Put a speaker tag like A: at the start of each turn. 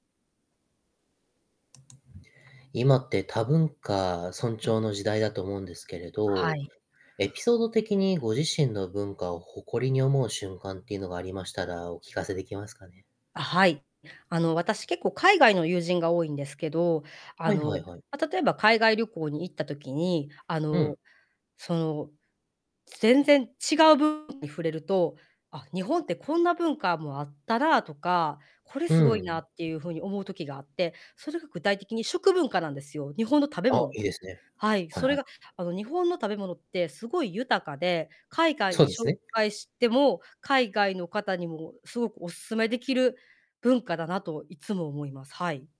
A: 今って多文化尊
B: うん。
A: 重の時代だと思うんですけれ
B: は
A: ど、
B: い。
A: エピソード的にご自身の文化を誇りに思う瞬間っていうのがありましたら、お聞かせできますかね？
B: あ、はい。あの私、結構海外の友人が多いんですけど、
A: は
B: あ
A: いはい
B: の、
A: はい。
B: ま、例えば海外旅行に行った時に、あ
A: う
B: の、
A: ん。
B: その、全然違う部分に触れると、「あ、日本ってこんな文化もあったな」とか「これ
A: う
B: 凄いな」
A: ん。
B: っていう風に思う時があって、それが具体的に食文化なんですよ。日本の食べ
A: あ、
B: 物。
A: いいですね。
B: はい、
A: はい
B: そ
A: は
B: れ
A: い。
B: が、あの、日本の食べ物って凄い豊かで、海外
A: そ
B: に
A: うです
B: 紹
A: ね。
B: 介しても、海外の方にも凄くお勧めできる文化だなといつも思います。はい。